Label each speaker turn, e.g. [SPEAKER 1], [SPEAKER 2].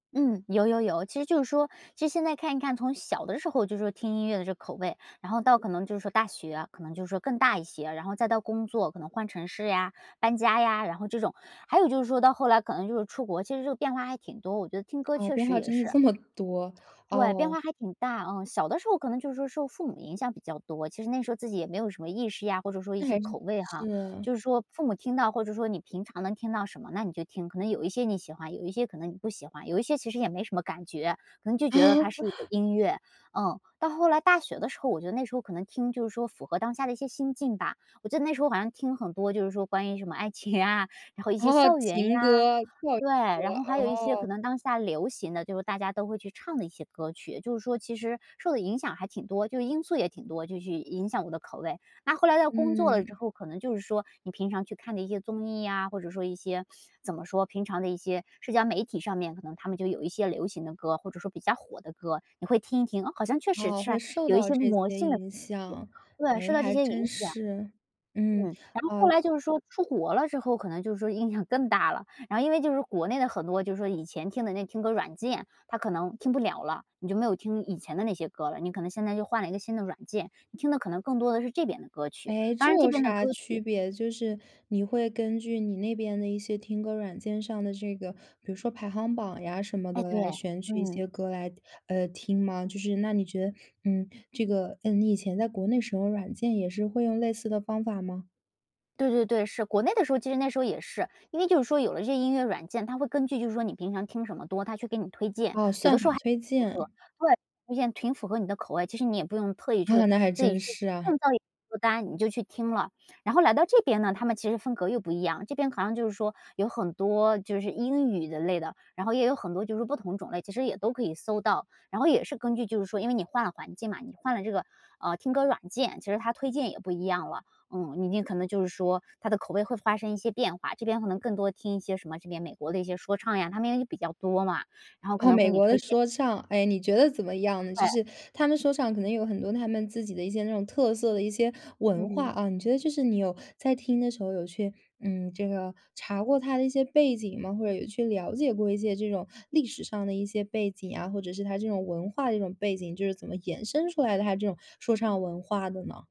[SPEAKER 1] 嗯，有有有。其实就是说，其实现在看一看，从小的时候就是说听音乐的这个口味，然后到可能就是说大学，可能就是说更大一些，然后再到工作，可能换城市呀、搬家呀，然后这种，还有就是说到后来可能就是出国，其实这个变化还挺多，我觉得听歌
[SPEAKER 2] 啊，
[SPEAKER 1] 确
[SPEAKER 2] 变
[SPEAKER 1] 实
[SPEAKER 2] 化
[SPEAKER 1] 也
[SPEAKER 2] 真的
[SPEAKER 1] 是。
[SPEAKER 2] 这么多，
[SPEAKER 1] 对，变
[SPEAKER 2] 哦。
[SPEAKER 1] 化还挺大，嗯。小的时候可能就是说受父母影响比较多，其实那时候自己也没有什么意识呀，或者说一
[SPEAKER 2] 那
[SPEAKER 1] 些
[SPEAKER 2] 还是
[SPEAKER 1] 口味哈。
[SPEAKER 2] 是。
[SPEAKER 1] 就是说父母听到，或者说你平常能听到什么，那你就听，可能有一些你喜欢，有一些可能你不喜欢，有一些其实也没什么感觉，可能就觉得它是一个 音乐，嗯。到后来大学的时候，我觉得那时候可能听就是说符合当下的一些心境吧。我记得那时候好像听很多就是说关于什么爱情啊，然后一些
[SPEAKER 2] 哦，
[SPEAKER 1] 校园
[SPEAKER 2] 情
[SPEAKER 1] 呀，
[SPEAKER 2] 歌，怪
[SPEAKER 1] 对，
[SPEAKER 2] 不得。
[SPEAKER 1] 然后还有一些可
[SPEAKER 2] 哦。
[SPEAKER 1] 能当下流行的，就是大家都会去唱的一些歌曲，就是说其实受的影响还挺多，就因素也挺多，就去影响我的口味。那后来到工作了之
[SPEAKER 2] 嗯。
[SPEAKER 1] 后，可能就是说你平常去看的一些综艺啊，或者说一些怎么说，平常的一些社交媒体上面，可能它们就有一些流行的歌，或者说比较火的歌，你会听一听，哦，好像确实
[SPEAKER 2] 哦，
[SPEAKER 1] 是
[SPEAKER 2] 会受
[SPEAKER 1] 有一
[SPEAKER 2] 到
[SPEAKER 1] 些
[SPEAKER 2] 这
[SPEAKER 1] 魔
[SPEAKER 2] 些
[SPEAKER 1] 性的东
[SPEAKER 2] 影
[SPEAKER 1] 西，
[SPEAKER 2] 响。
[SPEAKER 1] 对，受
[SPEAKER 2] 诶，
[SPEAKER 1] 到这
[SPEAKER 2] 还
[SPEAKER 1] 些
[SPEAKER 2] 真
[SPEAKER 1] 影响。
[SPEAKER 2] 是，
[SPEAKER 1] 嗯，
[SPEAKER 2] 嗯，
[SPEAKER 1] 然后后
[SPEAKER 2] 哦。
[SPEAKER 1] 来就是说出国了之后，可能就是说影响更大了，然后因为就是国内的很多就是说以前听的那听歌软件，它可能听不了了，你就没有听以前的那些歌了，你可能现在就换了一个新的软件，你听的可能更多的是这边的歌曲，
[SPEAKER 2] 诶，
[SPEAKER 1] 当
[SPEAKER 2] 这
[SPEAKER 1] 然这
[SPEAKER 2] 有
[SPEAKER 1] 边的
[SPEAKER 2] 啥
[SPEAKER 1] 歌
[SPEAKER 2] 区
[SPEAKER 1] 曲
[SPEAKER 2] 别？就是你会根据你那边的一些听歌软件上的这个，比如说排行榜呀，什么
[SPEAKER 1] 哎，
[SPEAKER 2] 的
[SPEAKER 1] 对，
[SPEAKER 2] 来选取一
[SPEAKER 1] 嗯。
[SPEAKER 2] 些歌来，呃，听吗？就是那你觉得，嗯，这个，嗯，你以前在国内使用软件，也是会用类似的方法吗？
[SPEAKER 1] 对对对，是。国内的时候，其实那时候也是，因为就是说有了这些音乐软件，它会根据就是说你平常听什么多，它去给你推荐，
[SPEAKER 2] 哦，
[SPEAKER 1] 有的
[SPEAKER 2] 算法
[SPEAKER 1] 时候还挺
[SPEAKER 2] 推
[SPEAKER 1] 符合，
[SPEAKER 2] 荐。
[SPEAKER 1] 对，发现挺符合你的口味，其实你也不用特意去
[SPEAKER 2] 啊，那还
[SPEAKER 1] 自己
[SPEAKER 2] 真
[SPEAKER 1] 去
[SPEAKER 2] 是啊。
[SPEAKER 1] 创造一个歌单，你就去听了。然后来到这边呢，它们其实风格又不一样，这边好像就是说有很多，就是英语的类的，然后也有很多就是说不同种类，其实也都可以搜到。然后也是根据就是说因为你换了环境嘛，你换了这个，呃，听歌软件，其实它推荐也不一样了，嗯。明天可能就是说它的口味会发生一些变化，这边可能更多听一些什么这边美国的一些说唱呀，它们也比较多嘛，然后可
[SPEAKER 2] 啊，
[SPEAKER 1] 能给
[SPEAKER 2] 美
[SPEAKER 1] 你
[SPEAKER 2] 国的
[SPEAKER 1] 推荐。
[SPEAKER 2] 说唱，诶，你觉得怎么样呢？就
[SPEAKER 1] 对。
[SPEAKER 2] 是它们说唱可能有很多它们自己的一些那种特色的一些文化
[SPEAKER 1] 嗯。
[SPEAKER 2] 啊，你觉得就是你有在听的时候有去，嗯，这个查过它的一些背景吗？或者有去了解过一些这种历史上的一些背景啊，或者是它这种文化的这种背景，就是怎么延伸出来的，它这种说唱文化的呢？